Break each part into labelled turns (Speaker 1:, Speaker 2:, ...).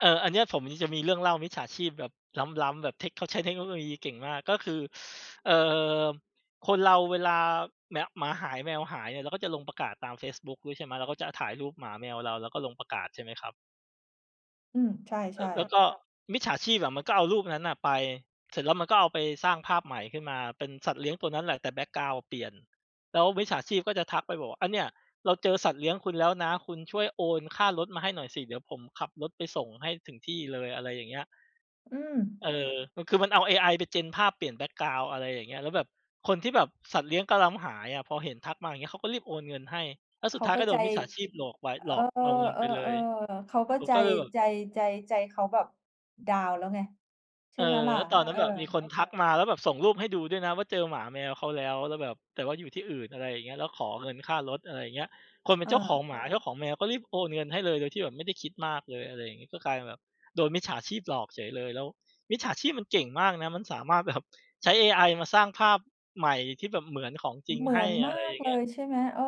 Speaker 1: เออ อันเนี้ยผมจะมีเรื่องเล่ามิจฉาชีพแบบล้ำ ๆ แบบเทค เขาใช้เทคโนโลยีเก่งมาก ก็คือ เอ่อ คนเราเวลา เนี่ย หมาหาย แมวหายเนี่ย เราก็จะลงประกาศตามเฟซบุ๊กด้วย ใช่ไหม เราก็จะถ่ายรูปหมาแมวเรา แล้วก็ลงประกาศใช่ไหมครับ?
Speaker 2: อืม ใช
Speaker 1: แล้
Speaker 2: ่
Speaker 1: ว แล้
Speaker 2: ๆ
Speaker 1: วก็มิจฉาชีพอะมันก็เอารูปนั้นน่ะไป เสร็จแล้วมันก็เอาไปสร้างภาพใหม่ขึ้นมา เป็นสัตว์เลี้ยงตัวนั้นแหละ แต่แบ็กกราวนด์เปลี่ยน แล้วมิจฉาชีพก็จะทักไปบอกว่า "อันเนี่ย เราเจอสัตว์เลี้ยงคุณแล้วนะ คุณช่วยโอนค่ารถมาให้หน่อยสิ เดี๋ยวผมขับรถไปส่งให้ถึงที่เลย" อะไรอย่างเงี้ย
Speaker 2: อืม
Speaker 1: เออ คือมันเอาเอไอไป gen ภาพเปลี่ยนแบ็กกราวนด์ อะไรอย่างเงี้ย แล้วแบบคนที่แบบสัตว์เลี้ยงกำลังหายอะ พอเห็นทักมาอย่างงี้ เขาก็รีบโอนเงินให้ แล้ว
Speaker 2: เ
Speaker 1: ส
Speaker 2: ข
Speaker 1: ุด
Speaker 2: า
Speaker 1: ท้าย
Speaker 2: ก็
Speaker 1: ก็โด
Speaker 2: ใจ
Speaker 1: นมิจฉาชีพหลอกไป
Speaker 2: เอ
Speaker 1: หล
Speaker 2: อ
Speaker 1: อกเอาเงินไปเลย
Speaker 2: ๆ ๆ เขาก็
Speaker 1: ผม
Speaker 2: ใจ
Speaker 1: ก็เลยแบบ
Speaker 2: ใจ ใจ ใจเขาแบบ ดาวน์แล้วไง ใช
Speaker 1: เ
Speaker 2: ่
Speaker 1: ออ
Speaker 2: ไหมล่ะ
Speaker 1: แล้วตอนน
Speaker 2: เ
Speaker 1: ั
Speaker 2: อ
Speaker 1: ้น
Speaker 2: อ
Speaker 1: แบบมีคนทักมา แล้วแบบส่งรูปให้ดูด้วยนะว่า เจอหมาแมวเขาแล้ว แล้วแบบ แต่ว่าอยู่ที่อื่น อะไรอย่างเงี้ย แล้วขอเงินค่ารถ อะไรอย่างเงี้ย คนเป็
Speaker 2: เ
Speaker 1: น
Speaker 2: อ
Speaker 1: เจ้าของ
Speaker 2: อ
Speaker 1: หมา เจ้าของแมว ก็รีบโอนเงินให้เลย โดยที่แบบไม่ได้คิดมากเลย อะไรอย่างงี้ ก็กลายเป็นแบบโดนมิจฉาชีพหลอกเฉยเลย แล้วมิจฉาชีพมันเก่งมากนะ มันสามารถ แบบ ใช้เอไอมาสร้างภาพใหม่ที่แบบเหมือนของจริง
Speaker 2: เหมื
Speaker 1: ให
Speaker 2: อ
Speaker 1: ้
Speaker 2: นม
Speaker 1: อ
Speaker 2: า
Speaker 1: ะไรอ
Speaker 2: ก
Speaker 1: ย่า
Speaker 2: เ
Speaker 1: ง
Speaker 2: ล
Speaker 1: เงี้ย
Speaker 2: ย ใช่ไหม เออ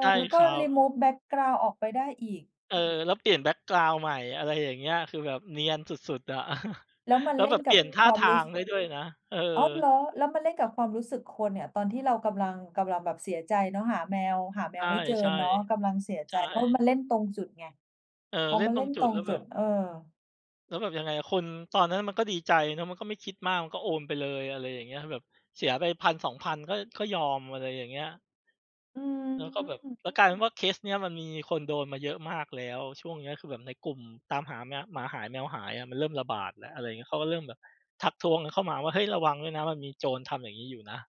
Speaker 1: ใช่
Speaker 2: แล้วก็
Speaker 1: ครับ
Speaker 2: remove แบ็กกราวนด์ออกไปได้อีก
Speaker 1: เออ แล้วเปลี่ยนแบ็กกราวนด์ใหม่ อะไรอย่างเงี้ย คือแบบเนียนสุด ๆ อะ
Speaker 2: แล้วมัน
Speaker 1: แล้
Speaker 2: เ
Speaker 1: ว
Speaker 2: ล่
Speaker 1: แบ
Speaker 2: น
Speaker 1: บ เ
Speaker 2: ก
Speaker 1: ป
Speaker 2: ั
Speaker 1: ลี
Speaker 2: บ
Speaker 1: ่ยนท
Speaker 2: ค
Speaker 1: ่า
Speaker 2: วา
Speaker 1: ท
Speaker 2: มร
Speaker 1: า
Speaker 2: ู้
Speaker 1: ง
Speaker 2: สึ
Speaker 1: ได้ด้วยนะ เออ
Speaker 2: อ้าว! เหรอ แล้วมาเล่นกับความรู้สึกคนเนี่ย ตอนที่เรากำลัง กำลังแบบเสียใจเนาะ หาแมว หาแม
Speaker 1: ใช
Speaker 2: ว
Speaker 1: ่
Speaker 2: ไม่เจอเนาะ ก
Speaker 1: ๆ
Speaker 2: ำลังเสีย
Speaker 1: ใ
Speaker 2: ใ
Speaker 1: ช
Speaker 2: จ ก็ม
Speaker 1: ่
Speaker 2: าเล่นตรงจุดไง
Speaker 1: เออ
Speaker 2: เพรา
Speaker 1: เ
Speaker 2: ะ
Speaker 1: ล่
Speaker 2: ม
Speaker 1: น
Speaker 2: า
Speaker 1: ต
Speaker 2: เ
Speaker 1: ร
Speaker 2: ล่
Speaker 1: ง
Speaker 2: น
Speaker 1: จุ
Speaker 2: ต
Speaker 1: ด
Speaker 2: ร
Speaker 1: แ
Speaker 2: ง
Speaker 1: ล้วแ
Speaker 2: จ
Speaker 1: บ
Speaker 2: ุด
Speaker 1: บ
Speaker 2: เออ
Speaker 1: แล้วแบบยังไงอะ คนตอนนั้นมันก็ดีใจ มันก็ไม่คิดมาก มันก็โอนไปเลย อะไรอย่างเงี้ย แบบเสียไป 1,000-2,000 ก็ ก็ยอม อะไรอย่างเงี้ย
Speaker 2: อื
Speaker 1: แล้วก็แบบ
Speaker 2: ม
Speaker 1: แล้วกลายเป็นว่าเคสเนี้ยมันมีคนโดนมาเยอะมากแล้ว ช่วงเนี้ยคือแบบในกลุ่มตามหาแม หมาหายแมวหายอะ มันเริ่มระบาดแล้ว อะไรอย่างเงี้ย เขาก็เริ่มแบบ ทักท้วงกันเข้ามาว่า "เฮ้ย! ระวังด้วยนะ มันมี โจรทำอย่างงี้อยู่นะ"